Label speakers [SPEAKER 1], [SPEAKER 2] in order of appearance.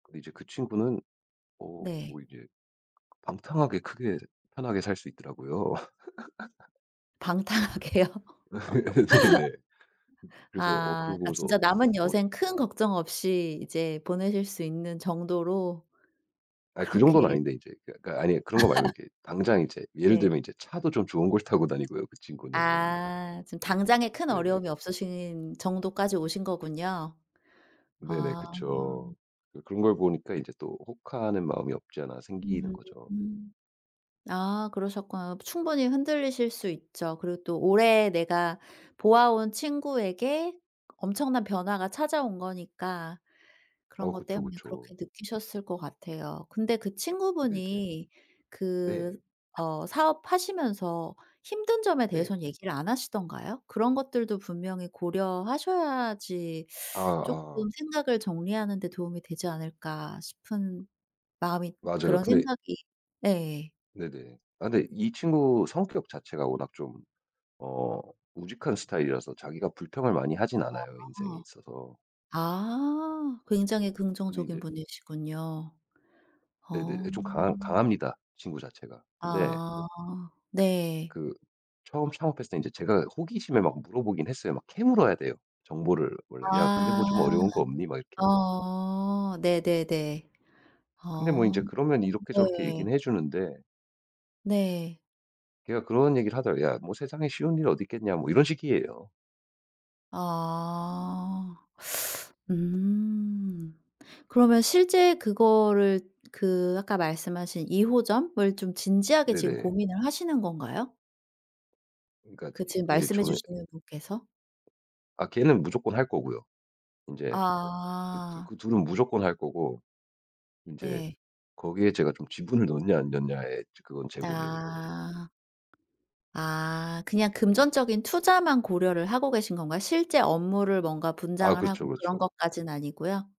[SPEAKER 1] 이제 그 친구는 어
[SPEAKER 2] 네.
[SPEAKER 1] 뭐 이제 방탕하게 크게 편하게 살 수 있더라고요.
[SPEAKER 2] 방탕하게요?
[SPEAKER 1] 네네. 그래서 어
[SPEAKER 2] 아.
[SPEAKER 1] 그걸
[SPEAKER 2] 아
[SPEAKER 1] 보면서
[SPEAKER 2] 진짜 남은
[SPEAKER 1] 어
[SPEAKER 2] 여생 큰 걱정 없이 이제 보내실 수 있는 정도로.
[SPEAKER 1] 아 그 정도는
[SPEAKER 2] 그렇게
[SPEAKER 1] 아닌데 이제 그러니까 아니 그런 거 말고 이렇게 당장 이제 예를
[SPEAKER 2] 네.
[SPEAKER 1] 들면 이제 차도 좀 좋은 걸 타고 다니고요 그 친구는.
[SPEAKER 2] 아. 지금 당장에 큰
[SPEAKER 1] 네네.
[SPEAKER 2] 어려움이 없으신 정도까지 오신 거군요.
[SPEAKER 1] 네네.
[SPEAKER 2] 아.
[SPEAKER 1] 그쵸. 그 그런 걸 보니까 이제 또 혹하는 마음이 없지 않아 생기는 거죠.
[SPEAKER 2] 음. 아 그러셨구나. 충분히 흔들리실 수 있죠. 그리고 또 오래 내가 보아온 친구에게 엄청난 변화가 찾아온 거니까
[SPEAKER 1] 어
[SPEAKER 2] 그런 것
[SPEAKER 1] 그쵸,
[SPEAKER 2] 때문에
[SPEAKER 1] 그쵸.
[SPEAKER 2] 그렇게 느끼셨을 것 같아요. 근데 그
[SPEAKER 1] 네네.
[SPEAKER 2] 친구분이
[SPEAKER 1] 네.
[SPEAKER 2] 그 어 사업하시면서 힘든 점에
[SPEAKER 1] 네.
[SPEAKER 2] 대해선 얘기를 안 하시던가요? 그런 것들도 분명히 고려하셔야지
[SPEAKER 1] 아
[SPEAKER 2] 쪼끔
[SPEAKER 1] 아.
[SPEAKER 2] '생각을 정리하는 데 도움이 되지 않을까.' 싶은 마음이
[SPEAKER 1] 맞아요.
[SPEAKER 2] 그런
[SPEAKER 1] 근데
[SPEAKER 2] 생각이 네.
[SPEAKER 1] 네네. 아 근데 이 친구 성격 자체가 워낙 좀 어 우직한 스타일이라서 자기가 불평을 많이 하진 않아요, 인생에
[SPEAKER 2] 아.
[SPEAKER 1] 있어서.
[SPEAKER 2] 아 굉장히
[SPEAKER 1] 근데
[SPEAKER 2] 긍정적인
[SPEAKER 1] 이제
[SPEAKER 2] 분이시군요.
[SPEAKER 1] 네네
[SPEAKER 2] 어.
[SPEAKER 1] 예 좀 강합 강합니다, 친구 자체가. 근데
[SPEAKER 2] 아 네.
[SPEAKER 1] 그 처음 창업했을 때 이제 제가 호기심에 막 물어보긴 했어요. 막 캐물어야 돼요 정보를 원래. "야 근데
[SPEAKER 2] 아.
[SPEAKER 1] 뭐 좀 어려운 거 없니?" 막 이렇게.
[SPEAKER 2] 어 네네네.
[SPEAKER 1] 근데 뭐
[SPEAKER 2] 아
[SPEAKER 1] 이제 그러면 이렇게 저렇게
[SPEAKER 2] 네.
[SPEAKER 1] 얘기는 해 주는데
[SPEAKER 2] 네.
[SPEAKER 1] 걔가 그런 얘기를 하더라고요. "야 뭐 세상에 쉬운 일이 어디 있겠냐." 뭐 이런 식이에요.
[SPEAKER 2] 아. 음. 그러면 실제 그거를 그 아까 말씀하신 2호점을 좀 진지하게 지금
[SPEAKER 1] 네네.
[SPEAKER 2] 고민을 하시는 건가요?
[SPEAKER 1] 그러니까
[SPEAKER 2] 그 지금
[SPEAKER 1] 예
[SPEAKER 2] 말씀해
[SPEAKER 1] 저는
[SPEAKER 2] 주시는 분께서?
[SPEAKER 1] 아 걔는 무조건 할 거고요. 인제 그 두
[SPEAKER 2] 아.
[SPEAKER 1] 그 둘은 무조건 할 거고 인제
[SPEAKER 2] 네.
[SPEAKER 1] 거기에 제가 좀 지분을 넣었냐 안 넣었냐에 즈 그건 제 고민인 거고요.
[SPEAKER 2] 아. 아 그냥 금전적인 투자만 고려를 하고 계신 건가요? 실제 업무를 뭔가
[SPEAKER 1] 아
[SPEAKER 2] 분장을 하고
[SPEAKER 1] 그렇죠,
[SPEAKER 2] 그런
[SPEAKER 1] 그렇죠.
[SPEAKER 2] 것까진 아니고요?